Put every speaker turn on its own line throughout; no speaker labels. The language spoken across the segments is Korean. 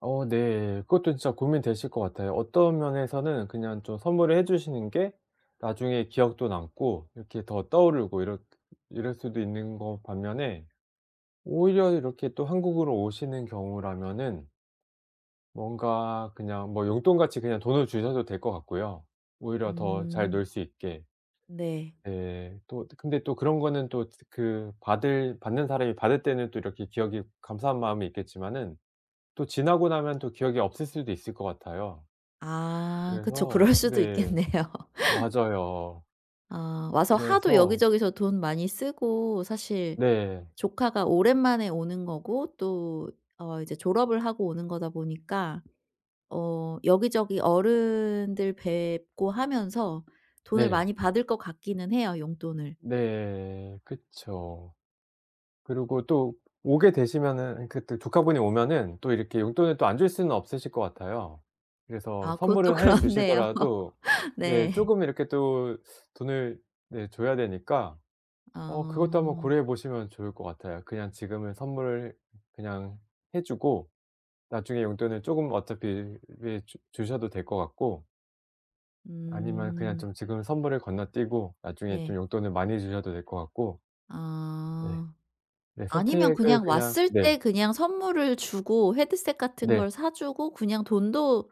어 네. 그것도 진짜 고민되실 것 같아요. 어떤 면에서는 그냥 좀 선물을 해 주시는 게 나중에 기억도 남고 이렇게 더 떠오르고 이럴 이럴 수도 있는 거 반면에 오히려 이렇게 또 한국으로 오시는 경우라면은 뭔가 그냥 뭐 용돈같이 그냥 돈을 주셔도 될 것 같고요 오히려 더 잘
음.
놀 수 있게.
네.
네. 또 근데 또 그런 거는 또 즈 그 받을 받는 사람이 받을 때는 또 이렇게 기억이 감사한 마음이 있겠지만은 또 지나고 나면 또 기억이 없을 수도 있을 것 같아요.
아. 그쵸.
그래서 어
그럴 수도
네.
있겠네요.
맞아요.
어 와서 하도
그래서
여기저기서 돈 많이 쓰고 사실
네.
조카가 오랜만에 오는 거고 또 어 이제 졸업을 하고 오는 거다 보니까 어 여기저기 어른들 뵙고 하면서 돈을
네.
많이 받을 것 같기는 해요 용돈을.
네. 그쵸. 그리고 또 오게 되시면은 그때 조카분이 오면은 또 이렇게 용돈을 또 안 줄 수는 없으실 것 같아요. 그래서
아 그것도
선물을 해
그렇네요.
주시더라도 네
네.
쪼금 이렇게 또 돈을 네 줘야 되니까 어 그것도 한번
아.
고려해 보시면 좋을 것 같아요. 그냥 지금은 선물을 그냥 해주고 나중에 용돈을 쪼금 어차피 예 주 주셔도 될 것 같고 아니면 그냥
음.
좀 지금 선물을 건너뛰고 나중에
네.
좀 용돈을 많이 주셔도 될 것 같고. 네.
어.
네.
아니면
선택을
그냥
그냥
왔을 때
네.
그냥 선물을 주고 헤드셋 같은
네.
걸 사주고 그냥 돈도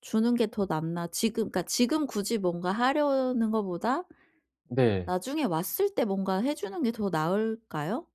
주는 게 더 낫나 지금 그니까 지금 굳이 뭔가 하려는 거보다
네.
나중에 왔을 때 뭔가 해주는 게 더 나을까요?